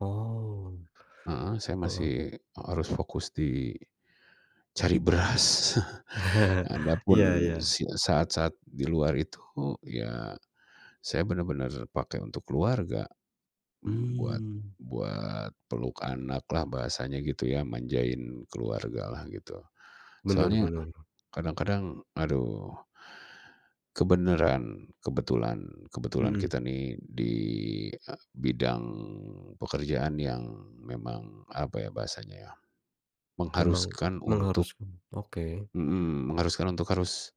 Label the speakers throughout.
Speaker 1: Oh.
Speaker 2: Heeh, saya
Speaker 1: Heeh.
Speaker 2: masih harus fokus di cari beras.
Speaker 1: Iya
Speaker 2: Adapun
Speaker 1: iya.
Speaker 2: si saat-saat di luar itu, ya, saya benar-benar pakai untuk keluarga, buat
Speaker 1: Hmm.
Speaker 2: buat peluk anak lah bahasanya gitu ya, manjain keluarga lah gitu.
Speaker 1: Benar
Speaker 2: Soalnya,
Speaker 1: benar.
Speaker 2: kadang-kadang aduh. Kebenaran, kebetulan kebetulan
Speaker 1: Hmm.
Speaker 2: kita nih, di bidang pekerjaan yang memang, apa ya, bahasanya ya,
Speaker 1: Memang,
Speaker 2: mengharuskan untuk
Speaker 1: mengharuskan oke.
Speaker 2: Hmm. Mengharuskan untuk harus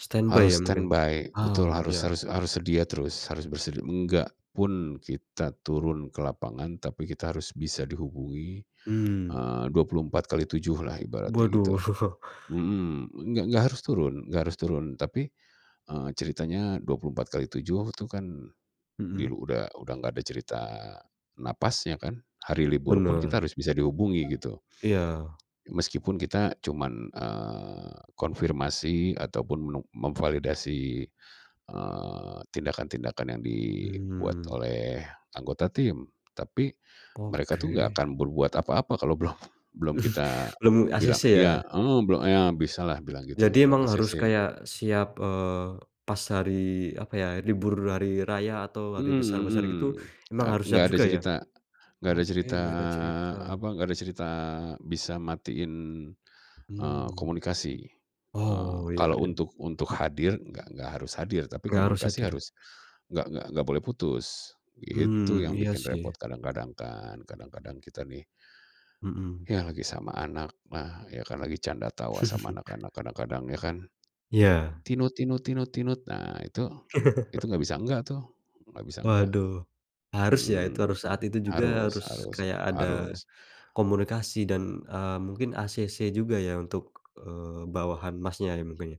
Speaker 1: Standby ya
Speaker 2: harus
Speaker 1: mungkin?
Speaker 2: stand by, betul,
Speaker 1: Oh
Speaker 2: harus
Speaker 1: ya.
Speaker 2: harus harus sedia terus, harus bersedia. Enggak pun kita turun ke lapangan, tapi kita harus bisa dihubungi,
Speaker 1: Hmm.
Speaker 2: eee, 24x7 lah ibaratnya gitu.
Speaker 1: Waduh.
Speaker 2: Hmm, nggak nggak harus turun, nggak harus turun tapi, eee, ceritanya 24x7 itu kan di
Speaker 1: Hmm?
Speaker 2: udah nggak ada cerita nafasnya kan, hari libur pun kita
Speaker 1: Benar.
Speaker 2: harus bisa dihubungi gitu.
Speaker 1: Iya.
Speaker 2: Meskipun kita cuman, eee, konfirmasi ataupun memvalidasi, eee, tindakan-tindakan yang dibuat
Speaker 1: Mmm.
Speaker 2: oleh anggota tim. Tapi, mereka itu nggak
Speaker 1: Oke.
Speaker 2: akan berbuat apa-apa kalau belum
Speaker 1: Mhm,
Speaker 2: kita
Speaker 1: belum
Speaker 2: bilang
Speaker 1: acc
Speaker 2: iya,
Speaker 1: ya?
Speaker 2: heeh, blo a ya bisalah bilang gitu,
Speaker 1: Jadi
Speaker 2: belum
Speaker 1: emang harus
Speaker 2: acc.
Speaker 1: kayak siap, eee, pas hari, apa ya, libur hari raya atau hari
Speaker 2: Hmm
Speaker 1: besar-besar
Speaker 2: hmm,
Speaker 1: gitu emang
Speaker 2: e
Speaker 1: harus siap
Speaker 2: nggak ada
Speaker 1: juga ya?
Speaker 2: cerita nggak ada
Speaker 1: Oke,
Speaker 2: cerita,
Speaker 1: nggak ada cerita.
Speaker 2: apa, enggak ada cerita bisa matiin, eee,
Speaker 1: Hmm.
Speaker 2: komunikasi. E
Speaker 1: Oh, ya
Speaker 2: kalau
Speaker 1: ya.
Speaker 2: untuk untuk hadir nggak nggak harus hadir, tapi
Speaker 1: Nggak harus
Speaker 2: komunikasi
Speaker 1: hadir.
Speaker 2: harus nggak nggak boleh putus. Itu
Speaker 1: Hmm,
Speaker 2: yang
Speaker 1: iya
Speaker 2: bikin repot
Speaker 1: sih.
Speaker 2: kadang-kadang kan, kadang-kadang kita nih,
Speaker 1: Hmm.
Speaker 2: ya lagi sama anak, lah ya kan lagi canda tawa sama anak-anak, kadang-kadang ya kan.
Speaker 1: Iya.
Speaker 2: Nah itu itu nggak bisa nggak tuh, nggak bisa nggak.
Speaker 1: Waduh, harus ya,
Speaker 2: Hmm,
Speaker 1: saat itu juga
Speaker 2: harus
Speaker 1: harus
Speaker 2: harus
Speaker 1: kayak ada
Speaker 2: harus.
Speaker 1: komunikasi dan, eee, mungkin acc juga ya untuk, eee, bawahan Masnya mungkin ya?